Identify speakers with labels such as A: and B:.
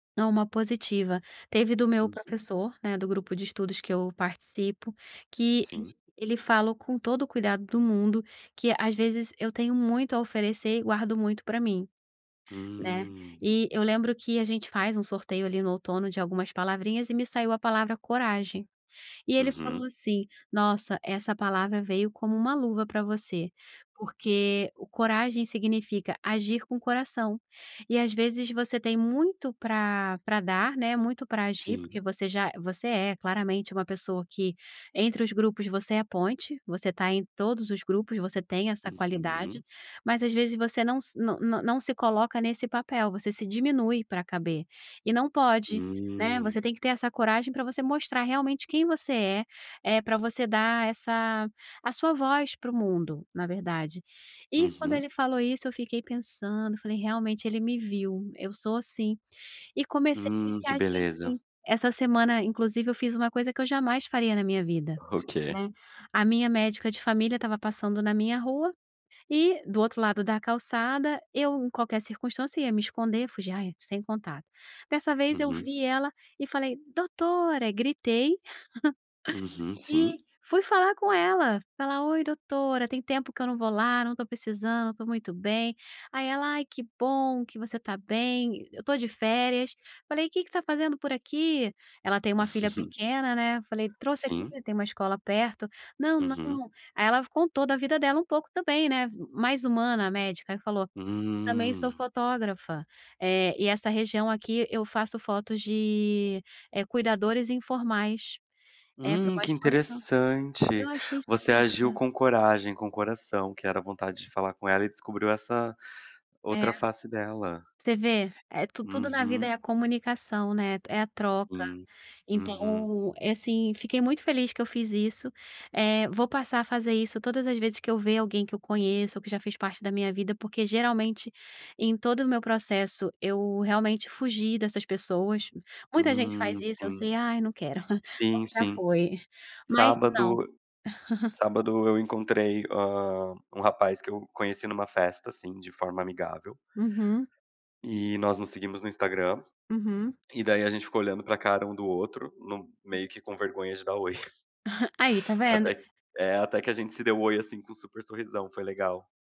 A: Não, uma positiva. Teve do meu
B: Uhum.
A: professor, né, do grupo de estudos que eu participo que
B: Sim.
A: ele falou, com todo o cuidado do mundo, que às vezes eu tenho muito a oferecer e guardo muito pra mim, né.
B: Hum.
A: E eu lembro que a gente faz um sorteio ali no outono de algumas palavrinhas e me saiu a palavra "coragem". E ele
B: Uhum.
A: falou assim: "Nossa, essa palavra veio como uma luva pra você, porque o coragem significa agir com o coração, e às vezes você tem muito pra pra dar, né, muito pra agir, porque
B: Sim.
A: você já você é claramente uma pessoa que, entre os grupos, você é a ponte, você tá em todos os grupos, você tem essa qualidade,
B: Uhum.
A: mas às vezes você não se não não não se coloca nesse papel, você se diminui pra caber, e não pode, né. Você
B: Hum.
A: tem que ter essa coragem pra você mostrar realmente quem você é, eh, pra você dar essa a sua voz para o mundo, na verdade. E quando
B: Uhum.
A: ele falou isso, eu fiquei pensando, falei: "Realmente, ele me viu, eu sou assim", e comecei
B: Hum.
A: a
B: Que
A: agir
B: beleza.
A: assim. Essa semana, inclusive, eu fiz uma coisa que eu jamais faria na minha vida,
B: O quê?
A: né. A minha médica de família estava passando na minha rua e do outro lado da calçada, eu, em qualquer circunstância, ia me esconder, fugia: "Ai, sem contato". Dessa vez eu
B: Uhum.
A: vi ela e falei: "Doutora". Gritei
B: Uhum.
A: e
B: Sim.
A: fui falar com ela, falar: "Oi, doutora, tem tempo que eu não vou lá, não estou precisando, estou muito bem". Aí ela: "Ai que bom que você tá bem, eu estou de férias". Falei: "Que que tá fazendo por aqui?" Ela tem uma filha pequena né. Eu falei: "Trouxe aqui",
B: Sim.
A: tem uma escola perto. "Não,
B: Uhum.
A: não". Aí ela f contou da vida dela um pouco também, né, mais humana a médica e falou: "Também sou
B: Hum.
A: fotógrafa, eh, e essa região aqui eu faço fotos de eh, cuidadores informais, é pra
B: Hum,
A: uma
B: que
A: exposição". Eu
B: interessante.
A: achei
B: Você agiu
A: super
B: com coragem, com coração, que era vontade de falar com ela e descobriu essa
A: É.
B: outra face dela.
A: Você vê? É tu tudo na vida
B: Uhum.
A: é a comunicação, né, é a troca.
B: Sim, uhum.
A: Então, é assim, fiquei muito feliz que eu fiz isso. Eh, vou passar a fazer isso todas as vezes que eu ver alguém que eu conheço ou que já fez parte da minha vida, porque geralmente, em todo o meu processo, eu realmente fugi dessas pessoas. Muita gente faz
B: Hum.
A: isso, eu
B: Sim,
A: sei: "Ai não quero",
B: sim,
A: pronto já
B: sim.
A: foi. Mas não.
B: Sábado sábado eu encontrei, hã, um rapaz que eu conheci numa festa, assim, de forma amigável.
A: Uhum.
B: E nós nos seguimos no Instagram,
A: Uhum.
B: e daí a gente ficou olhando pra cara um do outro no meio que com vergonha de dar "oi".
A: Aí está vendo?
B: Até eh, até que a gente se deu "oi", assim, com um super sorrisão. Foi legal.